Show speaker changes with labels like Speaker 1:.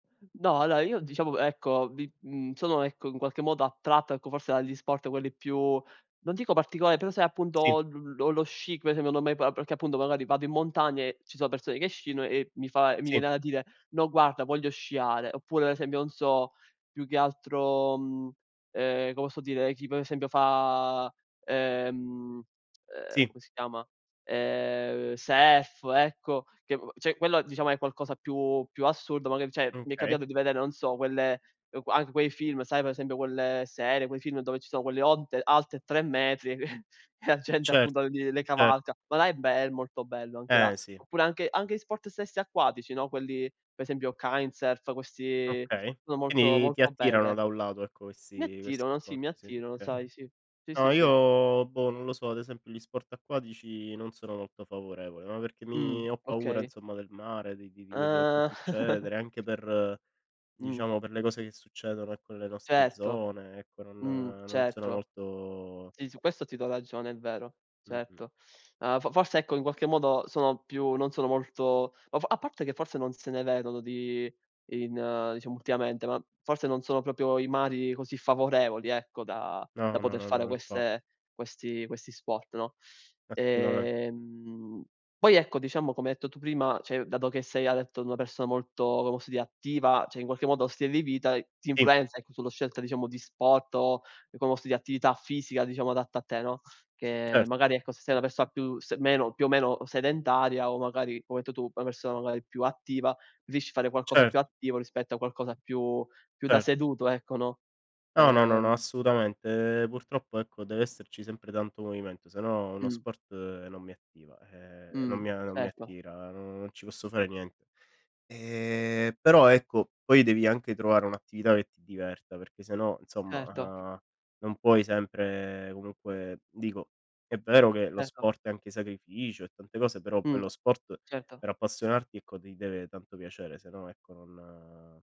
Speaker 1: No, allora io diciamo ecco vi mhmm, sono ecco in qualche modo attratto ecco, forse dagli sport quelli più non dico particolari però sai
Speaker 2: Sì.
Speaker 1: appunto l l lo sci, come esempio non mai proa perché appunto magari vado in montagna e ci sono persone che sciano e mi fa e mi
Speaker 2: Sì.
Speaker 1: viene da dire: "No guarda voglio sciare". Oppure ad esempio non so, più che altro, mhmm, ehm, come posso dire? Chi per esempio fa, ehm, uhm,
Speaker 2: Sì.
Speaker 1: come si chiama? Ehm, Surf ecco, che cioè quello diciamo è qualcosa più più assurdo, magari cioè mi è
Speaker 2: Okay.
Speaker 1: capitato di vedere non so quelle anche quei film, sai per esempio quelle serie, quei film dove ci sono quelle onte alte 3 metri e la gente
Speaker 2: Cert
Speaker 1: appunto li le
Speaker 2: cert
Speaker 1: cavalca. Ma là è be è molto bello anche là.
Speaker 2: Ehm, sì.
Speaker 1: Oppure anche anche gli sport stessi acquatici, no? Quelli per esempio Kitesurf questi
Speaker 2: Okay.
Speaker 1: sono molto
Speaker 2: Quindi ti
Speaker 1: molto
Speaker 2: attirano
Speaker 1: belle.
Speaker 2: da un lato ecco
Speaker 1: Mi
Speaker 2: questi questi
Speaker 1: attirano, sì,
Speaker 2: sport,
Speaker 1: mi
Speaker 2: sì.
Speaker 1: attirano,
Speaker 2: Okay.
Speaker 1: sai, sì. Sì,
Speaker 2: No
Speaker 1: sì, sì.
Speaker 2: io boh non lo so, ad esempio gli sport acquatici non sono molto favorevole, ma perché
Speaker 1: Mh,
Speaker 2: mi ho paura
Speaker 1: okay.
Speaker 2: insomma del mare, di di di quello che può
Speaker 1: Ah.
Speaker 2: succedere, anche per
Speaker 1: Mh.
Speaker 2: diciamo per le cose che succedono ecco nelle nostre
Speaker 1: Certo.
Speaker 2: zone ecco, non
Speaker 1: Mh,
Speaker 2: non sono
Speaker 1: certo.
Speaker 2: molto
Speaker 1: Sì, su questo ti do ragione, è vero.
Speaker 2: Mh-mh.
Speaker 1: Certo. Ma f forse ecco in qualche modo sono più non sono molto o f a parte che forse non se ne vedono di in diciamo ultimamente, ma forse non sono proprio i mari così favorevoli, ecco, da da
Speaker 2: No, no,
Speaker 1: poter fare
Speaker 2: no, infat
Speaker 1: queste questi questi sport, no?
Speaker 2: Assolutamen
Speaker 1: Ehm, poi ecco, diciamo come hai detto tu prima, cioè dato che sei hai detto una persona molto come posso dire attiva, cioè in qualche modo lo stile di vita, ti
Speaker 2: Sì.
Speaker 1: influenza ecco, sulla scelta diciamo di sport o come posso di attività fisica diciamo adatta a te, no, che
Speaker 2: Cert
Speaker 1: magari ecco, se sei una persona più s meno più o meno sedentaria o magari come detto tu, una persona magari più attiva, riesci a fare qualcosa
Speaker 2: Cert
Speaker 1: più attivo rispetto a qualcosa più più da
Speaker 2: Cert
Speaker 1: seduto, ecco, no?
Speaker 2: No, no, no
Speaker 1: Ehm.
Speaker 2: assolutamente. Ehm, purtroppo ecco deve esserci sempre tanto movimento se no uno
Speaker 1: Mh.
Speaker 2: sport non mi attiva, ehm, non
Speaker 1: Mh,
Speaker 2: mi a non mi
Speaker 1: certo.
Speaker 2: attira, non ci posso fare niente. Ehm, però ecco, poi devi anche trovare un'attività che ti diverta perché se no insomma,
Speaker 1: Certo.
Speaker 2: uhm, non puoi sempre comunque dico, è vero che lo
Speaker 1: Certo.
Speaker 2: sport è anche sacrificio e tante cose però poi,
Speaker 1: Mh,
Speaker 2: lo sport
Speaker 1: certo.
Speaker 2: per appassionarti ecco, ti deve tanto piacere se no ecco non